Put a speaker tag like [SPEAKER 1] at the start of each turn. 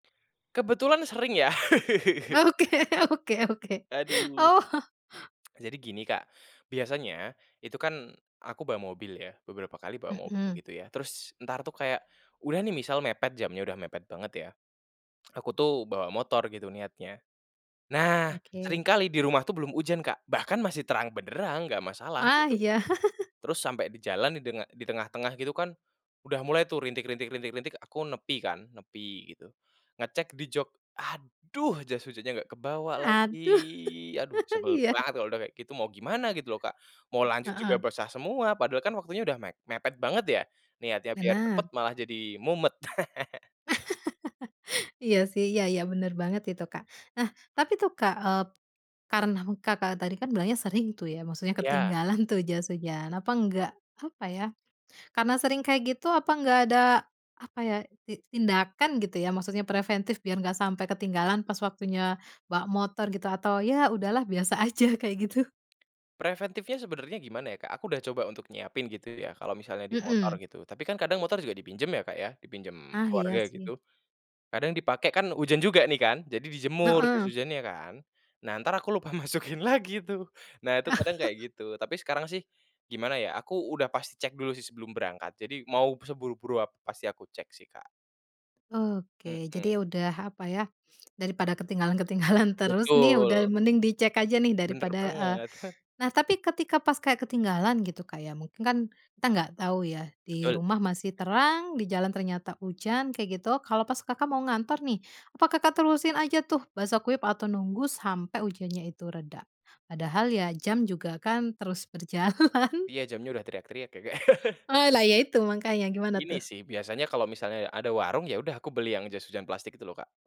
[SPEAKER 1] Kebetulan sering ya.
[SPEAKER 2] Oke oke oke.
[SPEAKER 1] Aduh.
[SPEAKER 2] Oh.
[SPEAKER 1] Jadi gini Kak, biasanya itu kan aku bawa mobil ya, beberapa kali bawa mobil
[SPEAKER 2] Mhm.
[SPEAKER 1] gitu ya. Terus entar tuh kayak, udah nih misal mepet jamnya udah mepet banget ya, aku tuh bawa motor gitu niatnya. Nah
[SPEAKER 2] Oke.
[SPEAKER 1] seringkali di rumah tuh belum hujan Kak, bahkan masih terang benderang nggak masalah,
[SPEAKER 2] Ah,
[SPEAKER 1] gitu.
[SPEAKER 2] iya.
[SPEAKER 1] Terus sampai di jalan didenga di tengah-tengah gitu kan udah mulai tuh rintik rintik rintik rintik aku nepi kan, nepi gitu. Ngecek di jok, "Aduh, jas hujannya nggak kebawa lagi,"
[SPEAKER 2] Aduh.
[SPEAKER 1] aduh sebel
[SPEAKER 2] iya.
[SPEAKER 1] banget kalau udah kayak gitu mau gimana gitu loh, Kak. Mau lanjut juga
[SPEAKER 2] Heeh.
[SPEAKER 1] basah semua, padahal kan waktunya udah me mepet banget ya niatnya biar
[SPEAKER 2] Benar.
[SPEAKER 1] cepet malah jadi mumet.
[SPEAKER 2] Iya sih, iya iya bener banget itu, Kak. Nah tapi tuh Kak, eee, karena Kakak tadi kan bilangnya sering tuh ya, maksudnya
[SPEAKER 1] Iya.
[SPEAKER 2] ketinggalan tuh jas hujan, apa enggak apa ya, karena sering kayak gitu apa enggak ada, apa ya, ti tindakan gitu ya. Maksudnya preventif biar nggak sampai ketinggalan pas waktunya bawa motor gitu atau ya udah lah biasa aja kayak gitu?
[SPEAKER 1] Preventifnya sebenarnya gimana ya Kak, aku udah coba untuk nyiapin gitu ya kalau misalnya di motor
[SPEAKER 2] Mhm.
[SPEAKER 1] gitu, tapi kan kadang motor juga dipinjam ya Kak ya, dipinjam
[SPEAKER 2] Ah, iya
[SPEAKER 1] keluarga
[SPEAKER 2] sih.
[SPEAKER 1] gitu. Kadang dipakai kan hujan juga nih kan, jadi dijemur terus
[SPEAKER 2] Heeh.
[SPEAKER 1] hujannya kan, nah ntar aku lupa masukin lagi tuh. Nah itu kadang kayak gitu, tapi sekarang sih gimana ya aku udah pasti cek dulu sih sebelum berangkat, jadi mau seburu-buru ap pasti aku cek sih, Kak.
[SPEAKER 2] Oke,
[SPEAKER 1] Mhm.
[SPEAKER 2] jadi udah apa ya, dari pada ketinggalan ketinggalan terus nih, udah
[SPEAKER 1] Betul.
[SPEAKER 2] mending dicek aja nih dari
[SPEAKER 1] Bener
[SPEAKER 2] pada eee,
[SPEAKER 1] banget, heh
[SPEAKER 2] nah tapi ketika pas kayak ketinggalan gitu Kak ya, mungkin kan kita nggak tahu ya di
[SPEAKER 1] Betul.
[SPEAKER 2] rumah masih terang, di jalan ternyata hujan, kayak gitu. Kalau pas Kakak mau ngantor nih, apakah Kakak terusin aja tuh basah kuyup atau nunggu sampai ujannya itu reda? Padahal ya jam juga kan terus berjalan.
[SPEAKER 1] Iya jamnya udah teriak-teriak ya, Kak.
[SPEAKER 2] Oh lah ya itu makannya, gimana tuh?
[SPEAKER 1] Ini sih biasanya kalau misalnya ada warung ya udah aku beli yang jas hujan plastik itu loh, Kak.